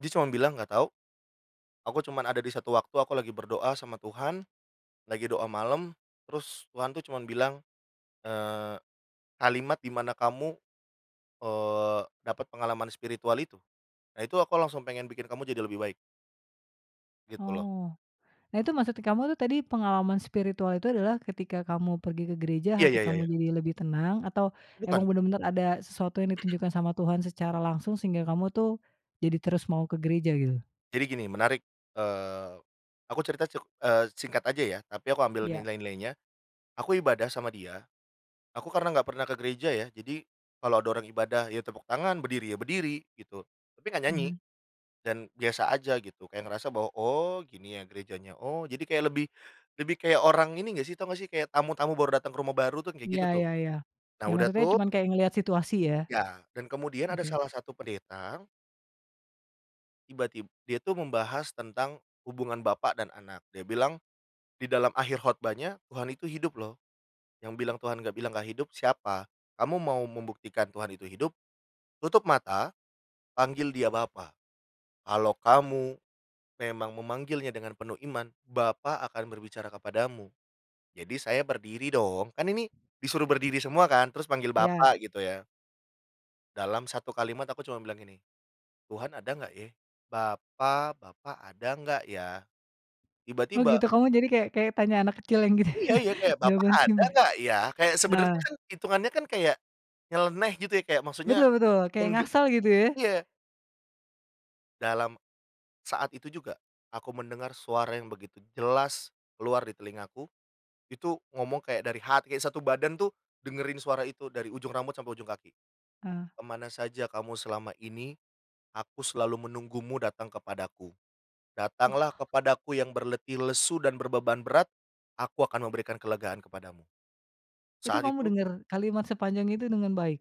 Dia cuman bilang, "Enggak tahu. Aku cuman ada di 1 waktu, aku lagi berdoa sama Tuhan, lagi doa malam, terus Tuhan tuh, cuman bilang, eee, kalimat dimana kamu, eee, dapat pengalaman spiritual itu. Nah, itu Aku langsung pengen bikin kamu jadi lebih baik." Gitu, loh. Oh, nah, itu maksudnya kamu tuh, tadi pengalaman spiritual itu adalah ketika kamu pergi ke gereja, Iya hati iya kamu iya. jadi lebih tenang, atau Bukan. emang bener-bener ada sesuatu yang ditunjukkan sama Tuhan secara langsung sehingga kamu tuh jadi terus mau ke gereja, gitu? Jadi gini menarik. Eee, aku cerita cek eee, singkat aja ya, tapi aku ambil Iya. nilai-nilainya. Aku ibadah sama dia, aku karena enggak pernah ke gereja ya, jadi kalau ada orang ibadah, ya tepuk tangan, berdiri, ya berdiri gitu, tapi enggak nyanyi Mhm. dan biasa aja gitu, kayak ngerasa bahwa, oh gini ya gerejanya, oh jadi kayak lebih, lebih kayak orang ini enggak sih, tahu enggak sih kayak tamu tamu baru datang ke rumah baru tuh, kayak Iya gitu tuh. iya iya. Nah, Iya, udah maksudnya tuh cuman kayak ngelihat situasi, ya? iya, dan kemudian ada Oke. salah satu pendeta. Tiba-tib dia itu membahas tentang hubungan bapak dan anak. Dia bilang di dalam akhir khotbahnya, "Tuhan itu hidup loh, yang bilang Tuhan enggak bilang enggak hidup, siapa? Kamu mau membuktikan Tuhan itu hidup? Tutup mata, panggil dia Bapa, kalau kamu memang memanggilnya dengan penuh iman. Bapa akan berbicara kepadamu". Jadi saya berdiri dong, kan ini disuruh berdiri semua kan, terus panggil Iya. "Bapa", gitu ya. Dalam 1 kalimat, aku cuma bilang gini, "Tuhan ada nggak, ya? Bapa, Bapa ada nggak, ya?". Oh, Tiba-tiba gitu, kamu jadi kayak kayak tanya anak kecil yang gitu Iya iya, kayak, "Bapa jawaban sih ada ma enggak ya?". Kayak nah sebenarnya kan hitungannya kan, kayak nyeleneh, gitu ya, kayak maksudnya Betul betul, kayak mengge ngasal, gitu, ya? iya. Dalam saat itu juga, aku mendengar suara yang begitu jelas keluar di telingaku, itu ngomong kayak dari hati, kayak 1 badan tuh dengerin suara itu dari ujung rambut sampai ujung kaki, Eee. "Kemana saja kamu selama ini? Aku selalu menunggumu datang kepadaku. Datanglah Wah. kepadaku yang berletih lesu dan berbeban berat. Aku akan memberikan kelegaan kepadamu". Itu Saat kamu itu dengar kalimat sepanjang itu dengan baik?